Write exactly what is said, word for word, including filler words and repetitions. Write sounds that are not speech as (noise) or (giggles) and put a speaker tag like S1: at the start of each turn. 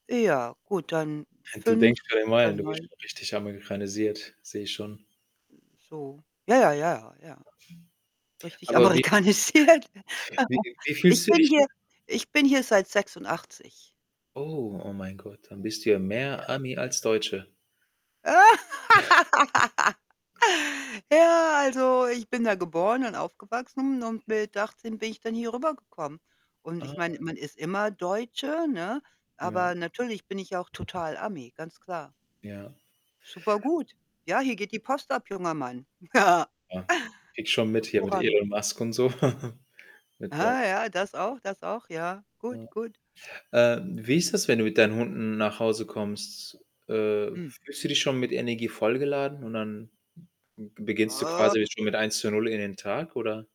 S1: Ja, gut, dann
S2: (snorts) Du
S1: fünf
S2: denkst schon in
S1: oder
S2: Meilen. Du bist
S1: neun.
S2: schon richtig amerikanisiert, sehe ich schon.
S1: So. Ja, ja, ja, ja, ja. Richtig
S2: Aber wie
S1: amerikanisiert. (chuckles)
S2: wie wie
S1: Ich
S2: fühlst
S1: bin
S2: dich?
S1: hier ich bin hier seit sechsundachtzig.
S2: Oh, oh mein Gott. Dann bist du ja mehr
S1: Ja.
S2: Ami als Deutsche.
S1: (laughs)
S2: (snorts)
S1: Ja, also ich bin da geboren und aufgewachsen und
S2: (unintelligible)
S1: mit achtzehn bin ich dann hier rübergekommen und ich meine,
S2: Ah.
S1: man ist immer Deutsche, ne?
S2: Ja.
S1: Aber natürlich bin ich ja auch total Ami, ganz klar.
S2: Ja.
S1: Super gut. Ja, hier geht die Post ab, junger Mann. (giggles)
S2: Ja. Kriege ich schon mit hier mit
S1: Hervorragend.
S2: Elon Musk und so. (chuckles) Mit Do
S1: Ah, ja, das auch das auch, ja.
S2: Ja.
S1: Gut, gut.
S2: Ähm, wie ist das, wenn du mit deinen Hunden nach Hause kommst? Äh,
S1: Hm.
S2: fühlst du dich schon mit Energie vollgeladen und dann b beginnst du quasi
S1: (groans)
S2: schon mit eins zu null in den Tag oder?